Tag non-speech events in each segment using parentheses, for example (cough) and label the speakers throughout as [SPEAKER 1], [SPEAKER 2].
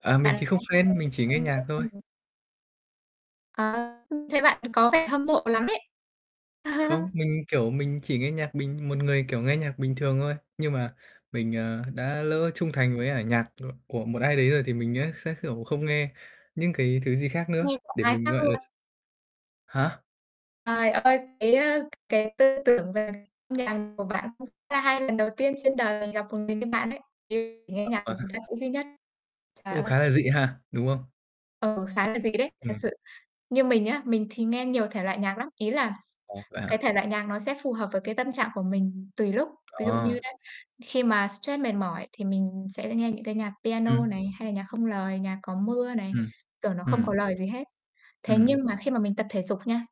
[SPEAKER 1] À, mình
[SPEAKER 2] Bạn
[SPEAKER 1] thì không
[SPEAKER 2] sao
[SPEAKER 1] fan, mình chỉ nghe nhạc thôi.
[SPEAKER 2] (unintelligible) Ờ, thấy bạn có vẻ hâm mộ lắm ấy.
[SPEAKER 1] Không,
[SPEAKER 2] (chuckles)
[SPEAKER 1] mình, kiểu, mình chỉ nghe nhạc bình một người, kiểu, nghe nhạc bình thường thôi. Nhưng mà mình, ờ, đã lỡ trung thành với cả nhạc ng của một ai đấy rồi thì mình á sẽ, kiểu, không nghe những cái thứ gì khác nữa,
[SPEAKER 2] Nghe của
[SPEAKER 1] để
[SPEAKER 2] ai
[SPEAKER 1] mình
[SPEAKER 2] khác
[SPEAKER 1] gọi là
[SPEAKER 2] luôn.
[SPEAKER 1] s Hả?
[SPEAKER 2] Trời ơi, cái, ơ, cái tư tưởng về âm nhạc của bạn cũng là hay, lần đầu tiên trên đời gặp một người như bạn đấy, chỉ nghe nhạc của một ca sĩ duy nhất. Trời
[SPEAKER 1] Cũng
[SPEAKER 2] ơi!
[SPEAKER 1] khá là dị ha, đúng không?
[SPEAKER 2] Ừ, khá là dị đấy, thật
[SPEAKER 1] Ừm.
[SPEAKER 2] sự. Như mình á, mình thì nghe nhiều thể loại nhạc lắm, ý là
[SPEAKER 1] Ồ, vậy
[SPEAKER 2] cái
[SPEAKER 1] hả?
[SPEAKER 2] thể loại nhạc nó sẽ phù hợp với cái tâm trạng của mình tùy lúc. Ví dụ như
[SPEAKER 1] À.
[SPEAKER 2] đấy khi mà stress mệt mỏi thì mình sẽ nghe những cái nhạc piano
[SPEAKER 1] Ừm.
[SPEAKER 2] này, hay là nhạc không lời, nhạc có mưa này,
[SPEAKER 1] Ừm.
[SPEAKER 2] tưởng nó không
[SPEAKER 1] Ừm.
[SPEAKER 2] có lời gì hết. Thế
[SPEAKER 1] Ừm.
[SPEAKER 2] nhưng mà khi mà mình tập thể dục nha,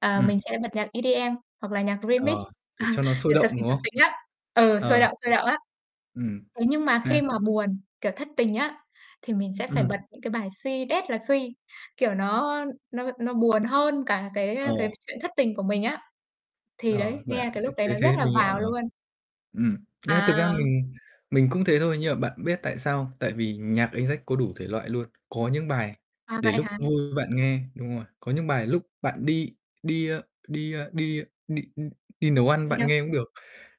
[SPEAKER 2] ờ, mình
[SPEAKER 1] Ừm.
[SPEAKER 2] sẽ bật nhạc EDM hoặc là nhạc Remix,
[SPEAKER 1] Ờ. Để cho nó
[SPEAKER 2] (chuckles)
[SPEAKER 1] sôi
[SPEAKER 2] kiểu, xập
[SPEAKER 1] động,
[SPEAKER 2] xình,
[SPEAKER 1] đúng
[SPEAKER 2] xập
[SPEAKER 1] không?
[SPEAKER 2] xình á, ừ, sôi
[SPEAKER 1] Ờ.
[SPEAKER 2] động, sôi động á.
[SPEAKER 1] Ừm.
[SPEAKER 2] Thế nhưng mà
[SPEAKER 1] Nè.
[SPEAKER 2] khi mà buồn, kiểu, thất tình á, thì mình sẽ phải
[SPEAKER 1] Ừm.
[SPEAKER 2] bật những cái bài suy đét là suy, kiểu, nó nó nó buồn hơn cả cái,
[SPEAKER 1] Ờ.
[SPEAKER 2] ơ, cái chuyện thất tình của mình á. Thì
[SPEAKER 1] Ờ,
[SPEAKER 2] đấy,
[SPEAKER 1] vậy à?
[SPEAKER 2] nghe cái
[SPEAKER 1] Thế
[SPEAKER 2] lúc đấy
[SPEAKER 1] thế
[SPEAKER 2] nó rất
[SPEAKER 1] thế
[SPEAKER 2] là
[SPEAKER 1] mình hiểu
[SPEAKER 2] vào
[SPEAKER 1] rồi.
[SPEAKER 2] luôn.
[SPEAKER 1] Ừm. Nghĩa là thực ra
[SPEAKER 2] À!
[SPEAKER 1] mình mình cũng thế thôi, nhưng mà bạn biết tại sao không? Tại vì nhạc anh Jack có đủ thể loại luôn, có những bài
[SPEAKER 2] À,
[SPEAKER 1] để
[SPEAKER 2] vậy
[SPEAKER 1] lúc
[SPEAKER 2] hả?
[SPEAKER 1] vui bạn nghe đúng rồi, có những bài lúc bạn đi đi, a, đi, a, đi, a, đi, ưm, đi nấu ăn
[SPEAKER 2] Đi
[SPEAKER 1] bạn
[SPEAKER 2] đâu?
[SPEAKER 1] nghe cũng được,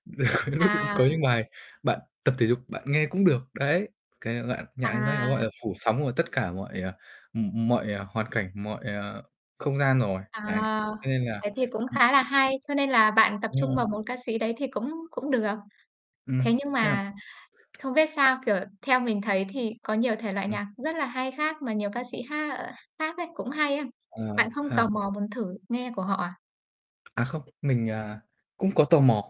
[SPEAKER 1] (chuckles)
[SPEAKER 2] À.
[SPEAKER 1] có những bài bạn tập thể dục bạn nghe cũng được, đấy. Cái lạ nhạc anh Jack nó, gọi
[SPEAKER 2] À.
[SPEAKER 1] là, phủ sóng của tất cả mọi, ờ, ừm, ừm, mọi, ờ, hoàn cảnh, mọi, ờ, không gian rồi,
[SPEAKER 2] À.
[SPEAKER 1] đấy. Cho nên là
[SPEAKER 2] Thế thì cũng
[SPEAKER 1] ừm.
[SPEAKER 2] khá là hay, cho nên là bạn tập
[SPEAKER 1] Đúng
[SPEAKER 2] trung
[SPEAKER 1] rồi.
[SPEAKER 2] vào một ca sĩ đấy thì cũng cũng được. Thế
[SPEAKER 1] Ừm.
[SPEAKER 2] nhưng mà
[SPEAKER 1] (unintelligible)
[SPEAKER 2] không biết sao, kiểu, theo mình thấy thì có nhiều thể loại
[SPEAKER 1] Ừm.
[SPEAKER 2] nhạc rất là hay khác mà nhiều ca sĩ hát, ờ, khác ấy cũng hay á.
[SPEAKER 1] Ờ,
[SPEAKER 2] Bạn không tò
[SPEAKER 1] ha.
[SPEAKER 2] mò muốn thử nghe của họ à?
[SPEAKER 1] À, không, mình, à, cũng có tò mò.